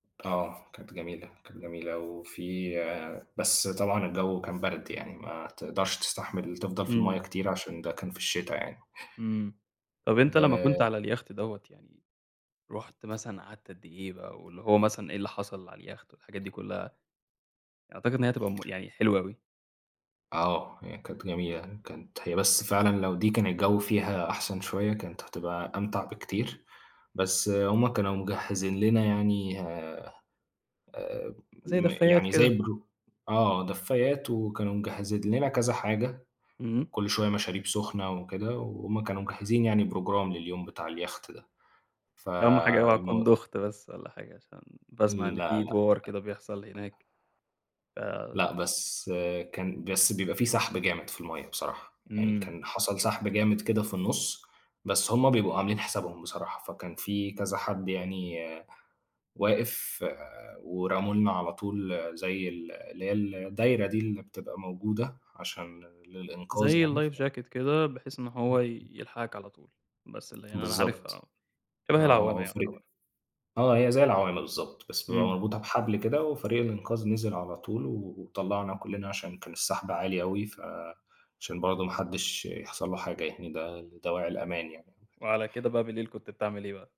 آه، كانت جميلة، كانت جميلة أوي وفي بس طبعًا الجو كان برد يعني، ما تقدرش تستحمل تفضل في المَيّه امم. كتير عشان ده كان في الشتا يعني. امم. و طَب أنت لمّا آآ كنت على اليخت دوّة يعني رُحت مثلًا قعدت قد إيه بقى؟ واللي هو مثلًا إيه اللي حصل على اليخت والحاجات دي كلّها؟ أعتقد إن هي هتبقى مُ يعني حلوة أوي. آه، هي كانت جميلة يعني، كانت هي بس فعلًا لو دي كان الجو فيها أحسن شوية، كانت هتبقى أمتع بكتير، بس هُم كانوا مجهزين لنا يعني، آآ، آآ زي م دفّايات يعني زي كده. برو آه، دفايات، وكانوا مجهزين لنا كذا حاجة، امم. وكل شوية مشاريب سخنة وكده، وهُم كانوا مجهزين يعني program لليوم بتاع اليخت ده، أهم حاجة اوعى تكون فالمو دُوخت بس والّا حاجة، عشان باسمع إن لا، في لأ. دوار كده بيحصل هناك. ف لأ، بس كان بس بيبقى في سحب جامد في المَيّه بصراحة، يعني امم. كان حصل سحب جامد كده في النُص، بس هُم بيبقوا عاملين حسابهم بصراحة، فكان في كذا حد يعني واقف، ورموا لنا على طول زي ال اللي هي الدايرة دي اللي بتبقى موجودة عشان ل للإنقاذ زي يعني. ف الlife jacket كده، بحيث إن امم، هو ي امم. يلحقك على طول، بس اللي يعني أنا عارفها بالضبط. آه. شبه آه، العوّامة وفريق يُعتبر. آه، هي زي العوامة بالضبط، بس بيبقى امم. مربوطة بحبل كده، وفريق الإنقاذ نزل على طول وطلّعنا كلّنا، عشان كان السحب عالي أوي، ف عشان برضو ما حدّش يحصل له حاجة يعني، ده لدواعي الأمان يعني. وعلى كده بقى بالليل كنت بتعمل إيه بقى؟